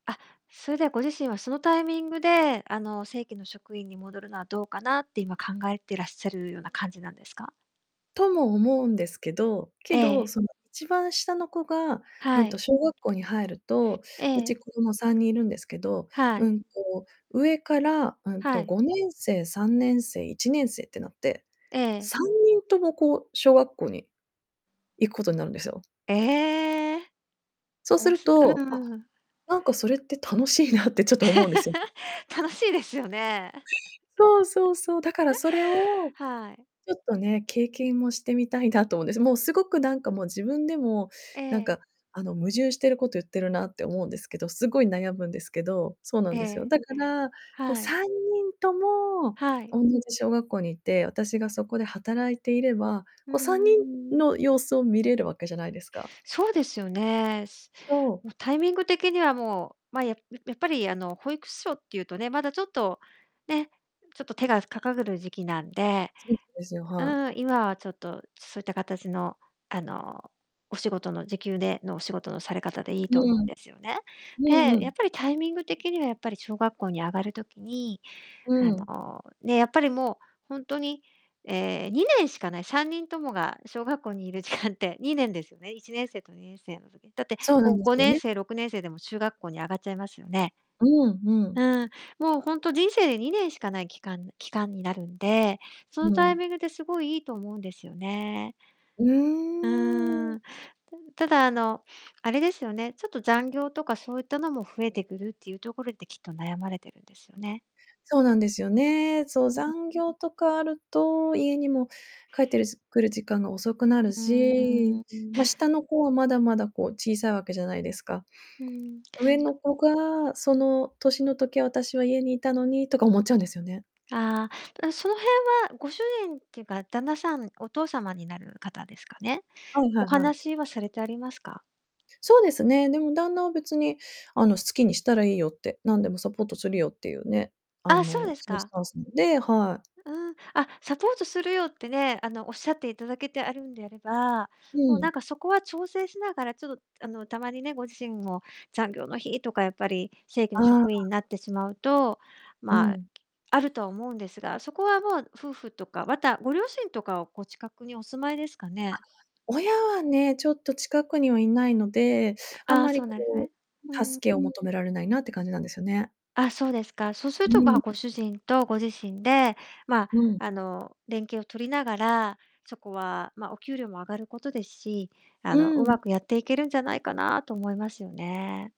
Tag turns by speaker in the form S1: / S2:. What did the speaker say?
S1: あ、それでは、ご自身は、そのタイミングで、あの、正規の職員に戻るのはどうかなって、今、考えてらっしゃるような感じなんですか？
S2: とも思うんですけど、けど、
S1: ええ。
S2: その、一番下の子が、う
S1: は
S2: ん
S1: い。
S2: と、小学校に入ると、
S1: え
S2: う
S1: え。
S2: ち、子供3人いるんですけど、
S1: は
S2: う
S1: い。
S2: んと、上から、うん
S1: は
S2: と、
S1: い。
S2: 5年生、3年生、1年生ってなって、
S1: ええ。
S2: 3人とも、こう、小学校に行くことになるんですよ。
S1: え、ええ。
S2: そう
S1: お
S2: す
S1: も
S2: る
S1: しうん、う
S2: と、
S1: う
S2: あ、
S1: んうん。
S2: なんかそれって楽しいなってちょっと思うんですよ。
S1: 楽しいですよね。
S2: そうそうそう、だからそれを、
S1: はい。
S2: ちょっとね、経験もしてみたいなと思うんです。もう、すごくなんかもう、自分でも、
S1: え
S2: なんか、
S1: え。
S2: あの、矛盾してること言ってるなって思うんですけど、すごい悩むんですけど、そうな
S1: え
S2: んですよ。
S1: え。
S2: だから、こう、
S1: はい。
S2: 3人とも、
S1: はい。
S2: おんなじ小学校にいて、私がそこで働いていれば、
S1: うー
S2: こ、さんに
S1: ん。
S2: んの様子を見れるわけじゃないですか。
S1: そうですよね。す
S2: そう。
S1: も、タイミング的にはもう、ま、やややっぱり、あの、保育ししょっていうとね、まだちょっとね、ちょっと手がかかるる時期なんで、
S2: そ ですよ、
S1: う
S2: はい。
S1: ーん、今はちょっとそういったかたちの、あの、お仕事の時給でのお仕事のされ方でいい
S2: う
S1: と思うん
S2: ん。
S1: ですよね。
S2: うんう
S1: で、や
S2: ん。
S1: っぱりタイミング的には、やっぱり、小学校に上がる時に、
S2: う
S1: あ
S2: ん。
S1: の、ね、やっぱりもう、ほんとに、ええ、2年しかない、3人ともが小学校にいる時間って 2年ですよね、1年生と2年生の時。だって、
S2: そうなん
S1: ご
S2: で
S1: ご
S2: すよ
S1: ねん
S2: ね。
S1: せいろくねんせいで、も、中学校に上がっちゃいますよね。
S2: うん、うん。
S1: うん、もう、ほんと、人生で2年しかない期間期間になるんで、その
S2: う
S1: タイ
S2: ん。
S1: ミングで、すごい、いいと思うんですよね。
S2: う
S1: う
S2: ー
S1: ー
S2: ん。
S1: ん。たただ、あの、あれですよね、ちょっと、残業とかそういったのも増えてくるっていうところで、きっと悩まれてるんですよね。
S2: そうなんですよね。そう、残業とかあると、家にも、帰ってる、くる時間が遅くな
S1: う
S2: る
S1: ー
S2: し、
S1: ん。
S2: ま、下の子はまだまだ、こう、小さいわけじゃないですか。
S1: うーん、
S2: 上
S1: そ
S2: の子がその年の時、私は家にいたのにとか思っちゃうんですよね。
S1: ああ、うん、その辺は、ご主人ってか、旦那さんお父様になる方ですかね、
S2: はいは
S1: お
S2: いはい。
S1: 話はされてありますか？
S2: そうですね、でも旦那は別に、あの、好きにしたらいいよって、なんでもサポートするよってゆうね、あ
S1: あ、そう
S2: の、
S1: です
S2: そゆス
S1: か。
S2: タンスので、はい。
S1: うーん、あ、サポートするよってね、あの、おっしゃっていただけてあるんであれば、
S2: う
S1: もう、な
S2: ん。
S1: んかそこは調整しながら、ちょと、あの、たまにね、ご自身も、残業の日とか、やっぱり正規
S2: あ
S1: の
S2: あ、
S1: 職員に
S2: あ。
S1: なってしまうと、
S2: う
S1: ま、
S2: ん。
S1: あると思うんですが、そこはもう、夫婦とか、また、ご両親とかを、こう、近くにお住まいですか
S2: あ、
S1: ね？
S2: 親はね、ちょっと近くにはいないので、あん
S1: ああ、
S2: ま
S1: そ
S2: り
S1: うなんす
S2: こ
S1: ね。う
S2: う、
S1: ん。
S2: 助けを求められないなって感じなんですよね。
S1: あ、そうですか。そうする
S2: う
S1: と、まあ、
S2: ん。
S1: ご主人とご自身で、まあ、
S2: うん。
S1: あの、連携を取りながら、そこはま、お給料も上がることですし、あ
S2: う
S1: の、うま
S2: ん。
S1: くやっていけるんじゃないかなと思いますよね。